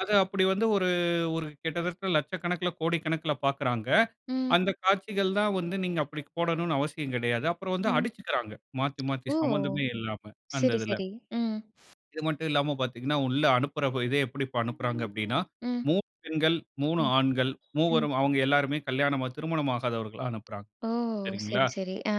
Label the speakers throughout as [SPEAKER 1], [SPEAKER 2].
[SPEAKER 1] அது அப்டி வந்து ஒரு ஒரு கிட்டத்தட்ட லட்சக்கணக்கில, கோடிக்கணக்கில பார்க்கிறாங்க.
[SPEAKER 2] ம்.
[SPEAKER 1] அந்த காட்சிகள் தான் வந்து நீங்க அப்டி போடணும்னு அவசியம் கிடையாது. அப்புறம் வந்து
[SPEAKER 2] ம்.
[SPEAKER 1] அடிச்சிகிறாங்க, மாத்தி மாத்தி
[SPEAKER 2] ஓ!
[SPEAKER 1] சம்மந்தமே இல்லாம அந்த
[SPEAKER 2] சரி,
[SPEAKER 1] இதில.
[SPEAKER 2] சரி. ம்.
[SPEAKER 1] இது மட்டும் இல்லாம பார்த்தீங்கனா, உள்ள அனுப்புற இதே எப்டி அனுப்புறாங்க அப்டினா
[SPEAKER 2] ம்.
[SPEAKER 1] 3 பெண்கள், 3
[SPEAKER 2] ம்
[SPEAKER 1] ஆண்கள்,
[SPEAKER 2] ம்.
[SPEAKER 1] மூவரும் அவங்க எல்லாருமே கல்யாணம் திருமணமாகாதவர்களை அனுப்புறாங்க.
[SPEAKER 2] ஓ!
[SPEAKER 1] சரிங்களா?
[SPEAKER 2] சரி, சரி. ஆ.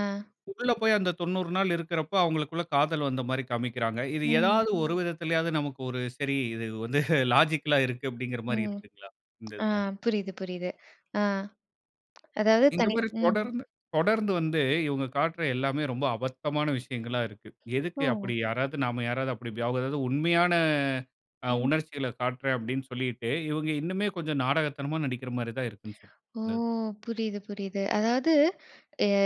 [SPEAKER 1] உள்ள போய் அந்த 90 நாள் இருக்கிறப்போ, அவங்களுக்குள்ள காதல் வந்த மாரி காண்பிக்கிறாங்க. இது
[SPEAKER 2] ம்.
[SPEAKER 1] ஏதாவது ஒரு விதத்திலாவது நமக்கு ஒரு "சரி, இது வந்து லாஜிக்கல்லா இருக்கு" அப்டிங்கற மாரி
[SPEAKER 2] ம்.
[SPEAKER 1] இருக்குங்ளா இந்த
[SPEAKER 2] ஆ.
[SPEAKER 1] இதில?
[SPEAKER 2] புரியுது, புரியுது. ஆ. அதாவது
[SPEAKER 1] இந்த
[SPEAKER 2] தனி,
[SPEAKER 1] மாரி
[SPEAKER 2] ம்.
[SPEAKER 1] தொடர்ந்து தொடர்ந்து வந்து இவங்க காட்டுகிற எல்லாமே ரொம்ப அபத்தமான விஷயங்களா இருக்கு. எதுக்கு
[SPEAKER 2] ஒ!
[SPEAKER 1] அப்டி? யாராவது நாம யாராவது அப்டி [unintelligible] அதாவது, "உண்மையான ஆ
[SPEAKER 2] ம்.
[SPEAKER 1] உணர்ச்சிகளை காட்டுறேன்"அப்டின்னு சொல்லிட்டு, இவங்க இன்னுமே கொஞ்சம் நாடகத்தனமா நடிக்கிற மாதிரி தான் இருக்கிறது சொல்
[SPEAKER 2] ஓ!
[SPEAKER 1] இந்த இது.
[SPEAKER 2] புரியுது, புரியுது. அதாவது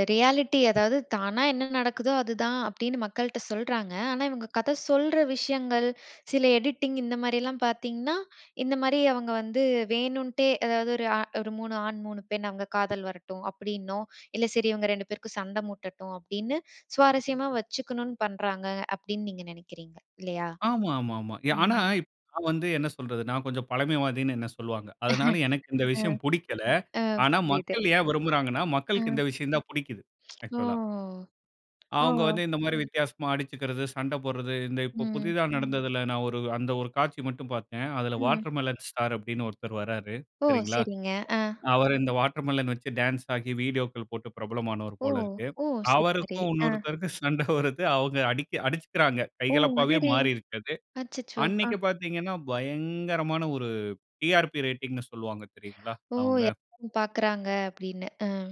[SPEAKER 2] ரியாலிட்டி அதாவது தானா என்ன நடக்குதோ அதுதான் அப்டின்னு மக்கள்ட்ட சொல்றாங்க. ஆனா, இவங்க கதை சொல்ற விஷயங்கள், சில எடிட்டிங் இந்த மாரிலாம் பார்த்தீங்கன்னா, இந்த மாரி அவங்க வந்து வேணுன்ட்டே, எதாவது ஒரு ஒரு 3 ஆண் 3 பெண் அவங்க காதல் வரட்டும் அப்டினும். இல்ல சரி இவங்க 2 பேருக்கும் சண்டை மூட்டட்டும். அப்டின்னு, சுவாரஸ்யமா வச்சுக்கணும்னு பண்றாங்க. அப்டின்னு நீங்க நினைக்கிறீங்க, இல்லையா?
[SPEAKER 1] ஆமா, ஆமா, ஆமா. ஆனா
[SPEAKER 2] ம்.
[SPEAKER 1] இப் நான் வந்து என்ன சொல்றது, நான் கொஞ்சம் பழமைவாதின்னு என்ன சொல்வாங்க. அதனால எனக்கு இந்த
[SPEAKER 2] ஆ.
[SPEAKER 1] விஷயம் புடிக்கல.
[SPEAKER 2] அ
[SPEAKER 1] ஆனா
[SPEAKER 2] புரியுது.
[SPEAKER 1] மக்கள் ஏன் விரும்புறாங்கனா,
[SPEAKER 2] அ.
[SPEAKER 1] மக்களுக்கு இந்த விஷயம் தான் புடிக்குது.
[SPEAKER 2] ஓ.
[SPEAKER 1] ஆக்சுவலா
[SPEAKER 2] ஓ.
[SPEAKER 1] அவங்க வந்து இந்த மாரி வித்தியாசமா அடிச்சுக்கறது, சண்டை போடறது, இந்த இப்போ
[SPEAKER 2] ம்.
[SPEAKER 1] புதிதா நடந்ததில, நான் ஒரு அந்த ஒரு காட்சி மட்டும் பார்த்தேன். அதில
[SPEAKER 2] ம்.
[SPEAKER 1] வாட்டர்மெலன் ஸ்டார் அப்டின்னு ஒருத்தர் வர்றாரு.
[SPEAKER 2] ஒ!
[SPEAKER 1] சரிங்களா?
[SPEAKER 2] சரிங்க, ஆ.
[SPEAKER 1] அவர் இந்த வாட்டர்மெலன் வைத்து டான்ஸ் ஆகி வீடியோக்கள் போட்டு பிரபலமானவர்
[SPEAKER 2] ஒ!
[SPEAKER 1] போல் இருக்கு.
[SPEAKER 2] சரி சரி.
[SPEAKER 1] அவருக்கும்,
[SPEAKER 2] ஆ.
[SPEAKER 1] இன்னொருத்தருக்கும் சண்டை வருது. அவங்க அடுச்சிகிறாங்க,
[SPEAKER 2] ஒ!
[SPEAKER 1] கைகலப்பாவே
[SPEAKER 2] அடடே!
[SPEAKER 1] மாறி இருக்கு அது.
[SPEAKER 2] அச்சச்சோ! ஆ
[SPEAKER 1] அன்னைக்கு பார்த்தீங்கனா, பயங்கரமான ஒரு டிஆர்பி ரேட்டிங்ன்னு சொல்வாங்க, தெரியுங்களா?
[SPEAKER 2] ஓ!
[SPEAKER 1] அவங்க.
[SPEAKER 2] எல்லாரும் பார்க்குறாங்க, அப்படின்னு, ஆ.